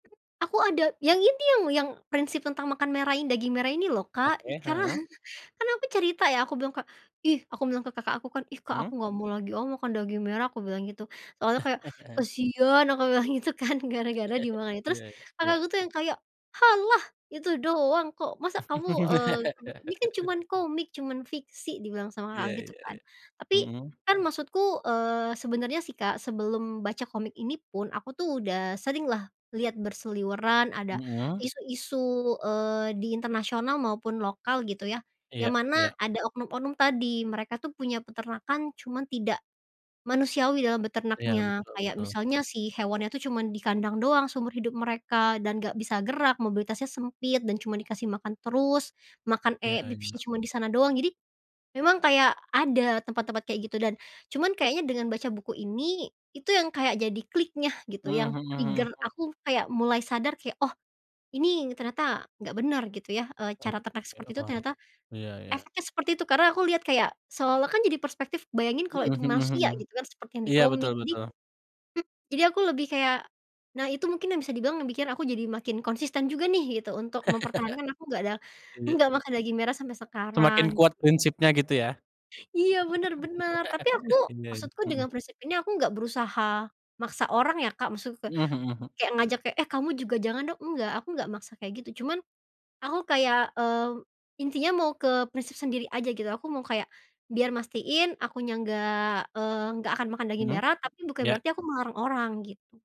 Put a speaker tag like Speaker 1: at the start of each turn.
Speaker 1: Aku ada yang ini, yang yang prinsip tentang makan merah ini, daging merah ini loh, Kak.
Speaker 2: Oke,
Speaker 1: Karena
Speaker 2: heeh.
Speaker 1: kan aku cerita ya aku bilang ke "Ih," aku bilang ke kakak aku kan "Ih, Kak
Speaker 2: Mmm.
Speaker 1: aku gak mau lagi ah makan daging merah." Aku bilang gitu. Soalnya kayak, "Kasian." Aku bilang gitu kan gara-gara di mana. Terus,
Speaker 2: Ya, ya.
Speaker 1: kakakku tuh yang kayak, "Halah, itu doang kok masa kamu, eee, ini kan cuman komik, cuman fiksi." Dibilang sama kakak
Speaker 2: Ya
Speaker 1: gitu
Speaker 2: ya
Speaker 1: kan.
Speaker 2: ya,
Speaker 1: Tapi,
Speaker 2: mhm.
Speaker 1: kan maksudku, eee, sebenarnya sih, Kak, sebelum baca komik ini pun aku tuh udah sering lah lihat berseliweran ada
Speaker 2: Mhm.
Speaker 1: isu-isu, eee, di internasional maupun lokal gitu ya, yang
Speaker 2: Iya
Speaker 1: mana
Speaker 2: iya.
Speaker 1: ada oknum-oknum tadi. Mereka tuh punya peternakan cuman tidak manusiawi dalam
Speaker 2: Iya,
Speaker 1: beternaknya,
Speaker 2: betul
Speaker 1: kayak
Speaker 2: betul.
Speaker 1: misalnya si hewannya tuh cuman di kandang doang seumur hidup mereka dan gak bisa gerak, mobilitasnya sempit, dan cuman dikasih makan terus. Makan,
Speaker 2: Iya
Speaker 1: eek, pipisnya
Speaker 2: iya.
Speaker 1: cuman di sana doang, jadi memang kayak ada tempat-tempat kayak gitu dan cuman kayaknya dengan baca buku ini, itu yang kayak jadi kliknya gitu
Speaker 2: Mmm,
Speaker 1: yang
Speaker 2: mhm
Speaker 1: trigger
Speaker 2: mhm.
Speaker 1: aku kayak mulai sadar kayak, oh, ini ternyata gak benar gitu ya, eee,
Speaker 2: Oh,
Speaker 1: cara ternak
Speaker 2: iya,
Speaker 1: seperti itu
Speaker 2: heeh.
Speaker 1: ternyata
Speaker 2: Ya ya.
Speaker 1: efeknya seperti itu karena aku lihat kayak seolah-olah kan jadi perspektif bayangin kalau
Speaker 2: Mhm
Speaker 1: itu
Speaker 2: mhm
Speaker 1: manusia
Speaker 2: mhm.
Speaker 1: gitu kan seperti yang di
Speaker 2: Ya, betul
Speaker 1: komik, jadi
Speaker 2: betul.
Speaker 1: hmm, jadi aku lebih kayak nah itu mungkin yang bisa dibilang yang bikin aku jadi makin konsisten juga nih gitu untuk mempertahankan aku nggak ada
Speaker 2: Iya.
Speaker 1: nggak makan daging merah sampai sekarang.
Speaker 2: Semakin kuat prinsipnya, gitu ya.
Speaker 1: Iya, benar benar. Tapi aku
Speaker 2: Iya, ya,
Speaker 1: maksudku
Speaker 2: mhm.
Speaker 1: dengan prinsip ini aku nggak berusaha maksa orang ya, Kak, maksudku ka
Speaker 2: Mhm mhm.
Speaker 1: kayak ngajak kayak, "Eh, kamu juga jangan dong." Enggak, aku nggak maksa kayak gitu. Cuman, aku kayak, mmm, intinya mau ke prinsip sendiri aja gitu, aku mau kayak biar mastiin akunya nggak, eee, nggak akan makan daging
Speaker 2: Mhm,
Speaker 1: merah tapi bukan
Speaker 2: ya.
Speaker 1: berarti aku melarang orang gitu.